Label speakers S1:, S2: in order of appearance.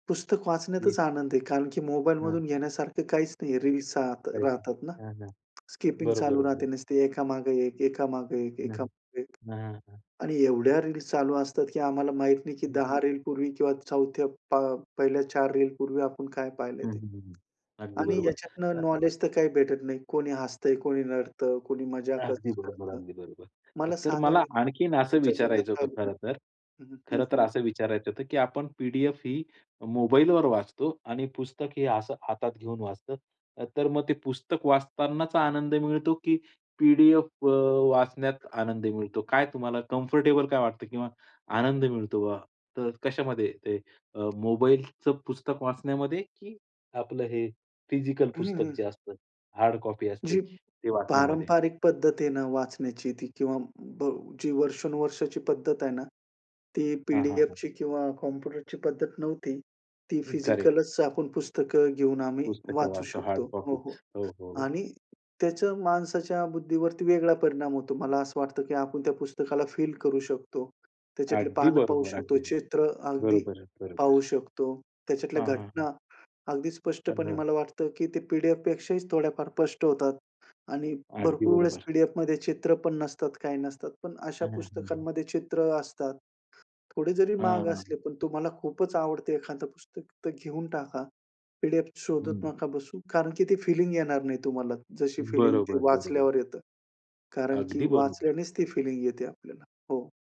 S1: पुस्तक
S2: हं.
S1: वाचण्यातच आनंद आहे. कारण की मोबाईल
S2: हां
S1: मधून घेण्यासारखं काहीच नाही आहे. रील्स अस
S2: राहायची.
S1: राहतात ना.
S2: हां, हां.
S1: स्किपिंग
S2: बरोबर,
S1: चालू राहते.
S2: बरोबर.
S1: नुसते एकामागे एक, एकामागे एक,
S2: हां.
S1: एकामागे एक.
S2: हां, हां, हां.
S1: आणि एवढ्या रील्स चालू असतात की आम्हाला माहित नाही की
S2: हं.
S1: 10 रीलपूर्वी किंवा चौथ्या पा पहिल्या 4 रीलपूर्वी आपण काय पाहिलंय
S2: हं,
S1: ते.
S2: हं, हं, हं. अगदी
S1: आणि
S2: बरोबर.
S1: ह्याच्यातनं
S2: अ
S1: नॉलेज तर काही भेटत नाही. कोणी हसतंय, कोणी रडतं, कुणी मजाकच
S2: अगदी बरोबर,
S1: करतं.
S2: अगदी बरोबर.
S1: मला
S2: तर
S1: सांगा
S2: मला
S1: नेमकं
S2: आणखीन असं
S1: तुमच्या जीवनात
S2: विचारायचं
S1: काय
S2: होतं
S1: बदलतं.
S2: खरं तर,
S1: हं, हं,
S2: खरं तर
S1: हं.
S2: असं विचारायचं होतं की आपण पी-डी-एफ ही मोबाईलवर वाचतो आणि पुस्तक हे असं हातात घेऊन वाचतो. तर मग ते पुस्तक वाचतांनाच आनंद मिळतो, की पी-डी-एफ अ, वाचण्यात आनंद मिळतो? काय तुम्हाला कम्फर्टेबल काय वाटतं किंवा आनंद मिळतो बा? तर कशामध्ये ते अ, मोबाईलचं पुस्तक वाचण्यामध्ये की आपलं हे फिजिकल
S1: हं, हं,
S2: पुस्तक
S1: हं.
S2: जे असतं हार्ड कॉपी असते
S1: जी
S2: ते वाचण्यामध्ये?
S1: पारंपरिक पद्धत आहे ना वाचण्याची ती किंवा ब जी वर्षानुवर्षाची पद्धत आहे ना ती
S2: हां, हां, हां.
S1: पी-डी-एफची किंवा कॉम्प्युटरची पद्धत नव्हती. ती
S2: करेक्ट.
S1: फिजिकलच आपण पुस्तकं घेऊन आम्ही
S2: पुस्तकं
S1: वाचू
S2: वाचतो, हार्ड
S1: शकतो. हो, हो.
S2: कॉपीज. हो, हो, हो.
S1: आणि त्याचा माणसाच्या बुद्धीवरती वेगळा परिणाम होतो. मला असं वाटतं की आपण त्या पुस्तकाला फील करू शकतो. त्याच्यातले
S2: अगदी
S1: पानं पाहू
S2: बरोबर.
S1: शकतो.
S2: अगदी.
S1: चित्र अगदी
S2: बरोबर,
S1: पाहू
S2: बरोबर.
S1: शकतो. त्याच्यातल्या
S2: हां, हां, हां.
S1: घटना अगदी
S2: हा
S1: स्पष्टपणे
S2: जो.
S1: मला वाटतं की ते पी-डी-एफपेक्षाही थोड्याफार स्पष्ट होतात. आणि
S2: अगदी
S1: भरपूर वेळेस
S2: बरोबर.
S1: पी-डी-एफमध्ये चित्र पण नसतात, काही नसतात. पण अशा
S2: हां, हां. हं, हं.
S1: पुस्तकांमध्ये चित्र असतात. थोडे जरी
S2: हां,
S1: महाग
S2: हां.
S1: असले, पण तुम्हाला खूपच आवडते एखादं पुस्तक तर घेऊन टाका. पी-डी-एफ शोधत
S2: हं.
S1: नका बसू. कारण की ती फिलिंग येणार नाही तुम्हाला जशी फिलिंग ती
S2: बरोबर, बरोबर.
S1: वाचल्यावर येतं. कारण की
S2: अगदी बरोबर.
S1: वाचल्यानेच ती फिलिंग येते आपल्याला. हो.